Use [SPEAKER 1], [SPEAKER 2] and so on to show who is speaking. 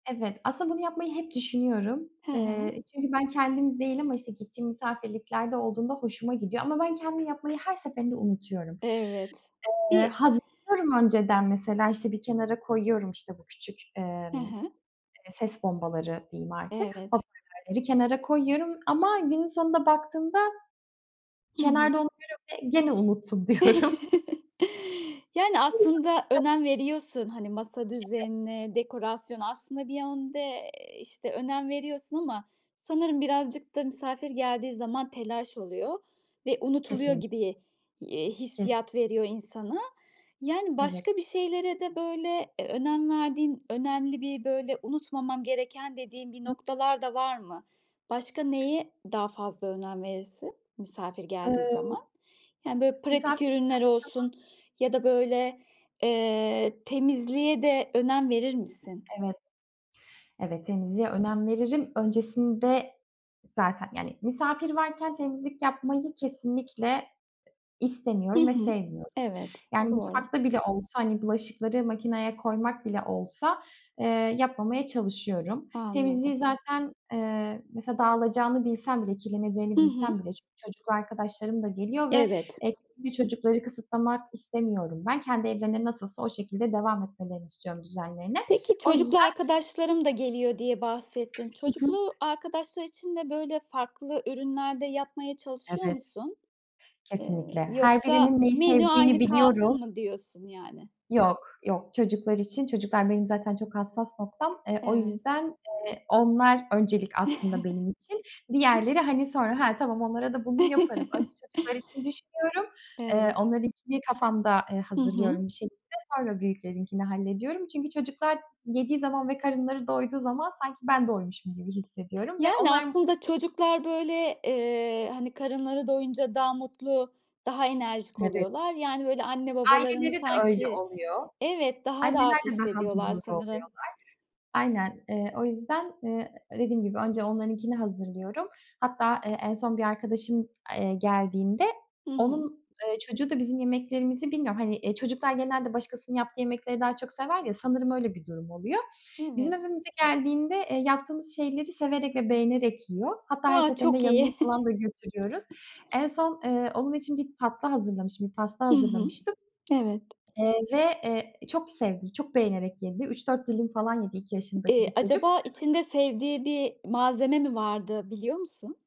[SPEAKER 1] Evet, aslında bunu yapmayı hep düşünüyorum.
[SPEAKER 2] Hı hı.
[SPEAKER 1] Eee, çünkü ben kendim değil ama, işte, gittiğim misafirliklerde olduğunda hoşuma gidiyor ama ben kendim yapmayı her seferinde unutuyorum.
[SPEAKER 2] Evet.
[SPEAKER 1] Eee,
[SPEAKER 2] Bir
[SPEAKER 1] hazırlıyorum önceden mesela, işte, bir kenara koyuyorum, işte, bu küçük,
[SPEAKER 2] Hı
[SPEAKER 1] emm,
[SPEAKER 2] hı.
[SPEAKER 1] ses bombaları diyeyim artık,
[SPEAKER 2] Evet.
[SPEAKER 1] hoparlörleri kenara koyuyorum ama günün sonunda baktığımda
[SPEAKER 2] Hı hı.
[SPEAKER 1] kenarda onu görüyorum ve gene unuttum diyorum.
[SPEAKER 2] Yani, aslında
[SPEAKER 1] [unintelligible]
[SPEAKER 2] önem veriyorsun, hani, masa
[SPEAKER 1] [unintelligible]
[SPEAKER 2] düzenine, dekorasyona, aslında bir yönde, eee, işte, önem veriyorsun ama sanırım birazcık da misafir geldiği zaman telaş oluyor ve unutuluyor
[SPEAKER 1] Kesinlik
[SPEAKER 2] gibi, iii,
[SPEAKER 1] Kes
[SPEAKER 2] hissiyat veriyor insana. Yani,
[SPEAKER 1] Evet.
[SPEAKER 2] başka bir şeylere de, böyle, ö önem verdiğin önemli bir, böyle, unutmamam gereken dediğim bir noktalar da var mı? Başka neye daha fazla önem verirsin misafir geldiği
[SPEAKER 1] Iıı.
[SPEAKER 2] zaman? Yani, böyle,
[SPEAKER 1] Misafir
[SPEAKER 2] pratik
[SPEAKER 1] geldiği
[SPEAKER 2] ürünler
[SPEAKER 1] zaman.
[SPEAKER 2] olsun ya da, böyle, eee, temizliğe de önem verir misin?
[SPEAKER 1] Evet. Evet, temizliğe önem veririm. Öncesinde zaten, yani, misafir varken temizlik yapmayı kesinlikle
[SPEAKER 2] Hı
[SPEAKER 1] istemiyorum ve
[SPEAKER 2] hı.
[SPEAKER 1] sevmiyorum.
[SPEAKER 2] Evet.
[SPEAKER 1] Yani,
[SPEAKER 2] Doğru.
[SPEAKER 1] mutfakta bile olsa, hani, bulaşıkları makineye koymak bile olsa, eee, yapmamaya çalışıyorum. Temizliği
[SPEAKER 2] Anladım.
[SPEAKER 1] zaten, eee, mesela dağılacağını bilsem bile, kirleneceğini
[SPEAKER 2] Hı hı.
[SPEAKER 1] bilsem bile çünkü çocuklu arkadaşlarım da geliyor ve
[SPEAKER 2] Evet.
[SPEAKER 1] [unintelligible] çocukları kısıtlamak istemiyorum ben. Kendi evlerinde nasılsa o şekilde devam etmelerini istiyorum düzenlerine.
[SPEAKER 2] Peki,
[SPEAKER 1] O yüzden
[SPEAKER 2] çocuklu arkadaşlarım da geliyor diye bahsettin.
[SPEAKER 1] Hı hı.
[SPEAKER 2] Çocuklu arkadaşlar için de, böyle, farklı ürünler de yapmaya çalışıyor
[SPEAKER 1] Evet.
[SPEAKER 2] musun? Eee,
[SPEAKER 1] Kesinlikle. Her birinin
[SPEAKER 2] yoksa
[SPEAKER 1] neyi
[SPEAKER 2] "Menü
[SPEAKER 1] sevdiğini
[SPEAKER 2] aynı
[SPEAKER 1] biliyorum.
[SPEAKER 2] kalsın." mı diyorsun, yani?
[SPEAKER 1] Yok, yok çocuklar için. Çocuklar benim zaten çok hassas noktam. Eee, o
[SPEAKER 2] Evet.
[SPEAKER 1] yüzden, eee, onlar öncelik aslında benim için. Diğerleri, hani, sonra, ha tamam onlara da bunu yaparım. Önce çocuklar için düşünüyorum, eee,
[SPEAKER 2] Evet.
[SPEAKER 1] onlarınkini kafamda, eee,
[SPEAKER 2] Hı hı.
[SPEAKER 1] hazırlıyorum bir şekilde. Sonra büyüklerinkini hallediyorum çünkü çocuklar yediği zaman ve karınları doyduğu zaman sanki ben doymuşum gibi hissediyorum ve
[SPEAKER 2] Yani,
[SPEAKER 1] onlar m
[SPEAKER 2] aslında çocuklar, böyle, eee, hani, karınları doyunca daha mutlu, daha enerjik
[SPEAKER 1] Evet.
[SPEAKER 2] oluyorlar, yani, böyle, anne babalarını
[SPEAKER 1] Aileleri de öyle
[SPEAKER 2] sanki
[SPEAKER 1] oluyor.
[SPEAKER 2] Evet, daha
[SPEAKER 1] Anneler
[SPEAKER 2] rahat
[SPEAKER 1] de daha
[SPEAKER 2] hissediyorlar
[SPEAKER 1] huzurlu
[SPEAKER 2] sanırım.
[SPEAKER 1] oluyorlar. Aynen. Eee, o yüzden, ııı, dediğim gibi önce onlarınkini hazırlıyorum. Hatta, eee, en son bir arkadaşım, eee, geldiğinde
[SPEAKER 2] Hı hı.
[SPEAKER 1] onun, eee, çocuğu da bizim yemeklerimizi Bilmiyorum, hani, eee, çocuklar genelde başkasının yaptığı yemekleri daha çok sever ya, sanırım öyle bir durum oluyor. Bizim
[SPEAKER 2] Evet.
[SPEAKER 1] evimize geldiğinde, eee, yaptığımız şeyleri severek ve beğenerek yiyor. Hatta her
[SPEAKER 2] A!
[SPEAKER 1] seferinde
[SPEAKER 2] Çok
[SPEAKER 1] yanına
[SPEAKER 2] iyi.
[SPEAKER 1] falan da götürüyoruz. En son, eee, onun için bir tatlı hazırlamıştım, pasta
[SPEAKER 2] Hı hı.
[SPEAKER 1] hazırlamıştım,
[SPEAKER 2] Evet.
[SPEAKER 1] eee, ve, eee, çok sevdi, çok beğenerek yedi, 3 4 dilim falan yedi 2 yaşındaki bir
[SPEAKER 2] Eee,
[SPEAKER 1] çocuk.
[SPEAKER 2] acaba içinde sevdiği bir malzeme mi vardı biliyor musun?